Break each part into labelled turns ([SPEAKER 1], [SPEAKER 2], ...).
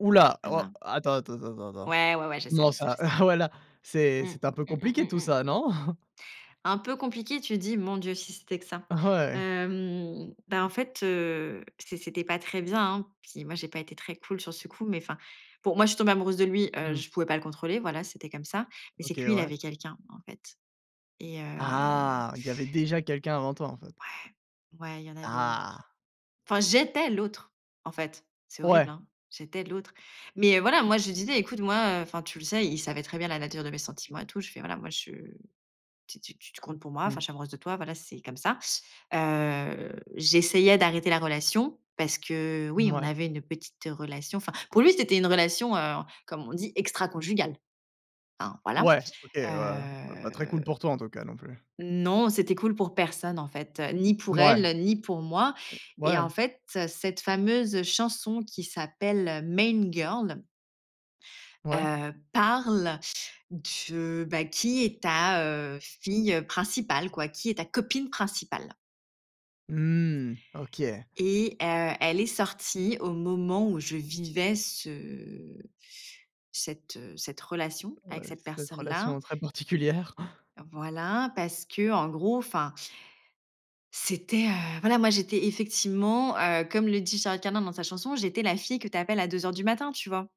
[SPEAKER 1] Ouh là, oh,
[SPEAKER 2] Voilà.
[SPEAKER 1] attends, attends, attends, attends, attends.
[SPEAKER 2] Ouais, ouais, ouais, je sais,
[SPEAKER 1] Non
[SPEAKER 2] je sais, je
[SPEAKER 1] ça,
[SPEAKER 2] sais.
[SPEAKER 1] voilà, c'est
[SPEAKER 2] Mmh,
[SPEAKER 1] c'était un peu
[SPEAKER 2] mmh, mmh,
[SPEAKER 1] compliqué
[SPEAKER 2] mmh,
[SPEAKER 1] tout
[SPEAKER 2] mmh.
[SPEAKER 1] ça, non?
[SPEAKER 2] «Un peu compliqué», tu dis? Mon Dieu, si c'était que ça.
[SPEAKER 1] Ouais.
[SPEAKER 2] Hem, ben, en fait, heu, c c'était pas très bien, hein. Puis moi, j'ai pas été très cool sur ce coup, mais enfin, bon, moi, je suis tombée amoureuse de lui, heu,
[SPEAKER 1] Mmh.
[SPEAKER 2] je pouvais pas le contrôler. Voilà, c'était comme ça, mais c'est
[SPEAKER 1] OK,
[SPEAKER 2] que lui, il
[SPEAKER 1] ouais.
[SPEAKER 2] avait quelqu'un, en fait, et heu
[SPEAKER 1] Ah, il y avait déjà quelqu'un avant toi, en fait.
[SPEAKER 2] ouais, ouais il y en avait une autre.
[SPEAKER 1] Ah.
[SPEAKER 2] Enfin, j'étais l'autre, en fait, c'est horrible,
[SPEAKER 1] Ouais.
[SPEAKER 2] hein. J'étais l'autre, mais voilà, moi, je lui disais: «Écoute, moi, heu, enfin tu le sais», il savait très bien la nature de mes sentiments et tout. Je fais: «Voilà, moi, je t t tu t comptes pour moi, enfin
[SPEAKER 1] Mmh.
[SPEAKER 2] je suis amoureuse de toi. Voilà, c'est comme ça». Heu, j'essayais d'arrêter la relation parce que oui, on
[SPEAKER 1] Mouais.
[SPEAKER 2] avait une petite relation. Enfin pour lui, c'était une relation, heu, comme on dit «extraconjugale», hein, voilà,
[SPEAKER 1] Ouais, OK, ouais, heu, pas pas très cool
[SPEAKER 2] heu.
[SPEAKER 1] pour toi, en tout cas, non plus.
[SPEAKER 2] Non, c'était cool pour personne, en fait, ni pour
[SPEAKER 1] Mouais.
[SPEAKER 2] elle ni pour moi, et
[SPEAKER 1] Ouais.
[SPEAKER 2] en fait, cette fameuse chanson qui s'appelle Main Girl
[SPEAKER 1] Ouais.
[SPEAKER 2] heu, parle, de, bah, qui est ta, heu, fille, heu, principale, quoi, qui est ta copine principale
[SPEAKER 1] Mmh OK.
[SPEAKER 2] et, heu, elle est sortie au moment où je vivais ce cette, heu, cette relation
[SPEAKER 1] Ouais,
[SPEAKER 2] avec cette
[SPEAKER 1] cette
[SPEAKER 2] personne
[SPEAKER 1] relation,
[SPEAKER 2] là.
[SPEAKER 1] très particulière.
[SPEAKER 2] Voilà, parce que, en gros, enfin c'était, heu, voilà, moi, j'étais, effectivement, heu, comme le dit Charles Carnan dans sa chanson, j'étais la fille que tu appelles à 2:00 du matin, tu vois?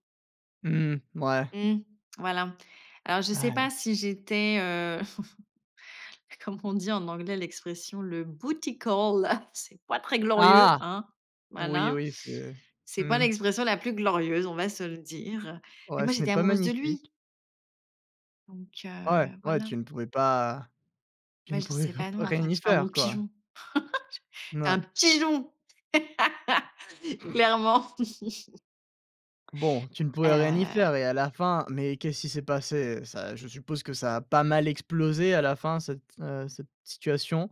[SPEAKER 1] Mmh mouais.
[SPEAKER 2] Mmh, voilà, alors je sais
[SPEAKER 1] Ah heu.
[SPEAKER 2] pas si j'étais, heu comment on dit en anglais l'expression? Le bootycall, c'est pas très glorieux,
[SPEAKER 1] Ah!
[SPEAKER 2] hein.
[SPEAKER 1] Oui,
[SPEAKER 2] Voilà,
[SPEAKER 1] oui, c'est,
[SPEAKER 2] c'est pas
[SPEAKER 1] mmh.
[SPEAKER 2] l'expression la plus glorieuse, on va se le dire, heu, mais
[SPEAKER 1] Ouais,
[SPEAKER 2] moi,
[SPEAKER 1] ce n'est
[SPEAKER 2] j'étais
[SPEAKER 1] pas
[SPEAKER 2] amoureuse de
[SPEAKER 1] magnifique.
[SPEAKER 2] lui donc,
[SPEAKER 1] Ouais,
[SPEAKER 2] heu,
[SPEAKER 1] ouais,
[SPEAKER 2] voilà.
[SPEAKER 1] tu ne pouvais pas, tu
[SPEAKER 2] Moi,
[SPEAKER 1] ne
[SPEAKER 2] je
[SPEAKER 1] pouvais
[SPEAKER 2] disais
[SPEAKER 1] pas
[SPEAKER 2] pas
[SPEAKER 1] p
[SPEAKER 2] non, en fait,
[SPEAKER 1] rien y
[SPEAKER 2] j'étais un bon
[SPEAKER 1] faire quoi.
[SPEAKER 2] pigeon, j
[SPEAKER 1] N
[SPEAKER 2] j'étais un
[SPEAKER 1] ouais.
[SPEAKER 2] pigeon, clairement.
[SPEAKER 1] Bon, tu ne pouvais rien y
[SPEAKER 2] Heu.
[SPEAKER 1] faire et à la fin, mais qu'est-ce qui s'est passé? Ça, je suppose que ça a pas mal explosé à la fin cette, heu, cette situation?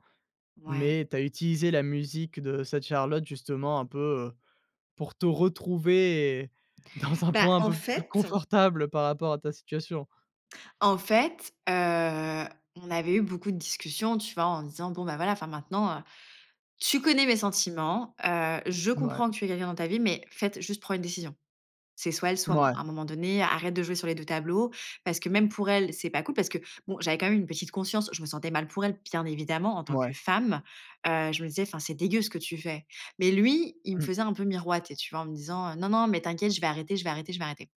[SPEAKER 2] Ouais.
[SPEAKER 1] Mais tu as utilisé la musique de cette Charlotte justement, un peu, heu, pour te retrouver et dans un
[SPEAKER 2] Bah,
[SPEAKER 1] point un
[SPEAKER 2] en
[SPEAKER 1] peu plus
[SPEAKER 2] fait.
[SPEAKER 1] confortable par rapport à ta situation.
[SPEAKER 2] En fait, heu, on avait eu beaucoup de discussions, tu vois, en disant: «Bon, ben, voilà, enfin, maintenant, heu, tu connais mes sentiments, heu, je
[SPEAKER 1] Mouais.
[SPEAKER 2] comprends que tu aies quelqu'un dans ta vie, mais faite juste prendre une décision. C'est soit elle, soit moi.
[SPEAKER 1] Mouais.
[SPEAKER 2] À un moment donné, arrête de jouer sur les 2 tableaux parce que même pour elle, c'est pas cool». Parce que, bon, j'avais quand même une petite conscience, je me sentais mal pour elle, bien évidemment, en tant que
[SPEAKER 1] Mouais.
[SPEAKER 2] femme, heu, je me disais: «Enfin, c'est dégueu ce que tu fais», mais lui, il me
[SPEAKER 1] Mmh.
[SPEAKER 2] faisait un peu miroiter, tu vois, en me disant: «Non, non, mais t'inquiète, je vais arrêter, je vais arrêter, je vais arrêter».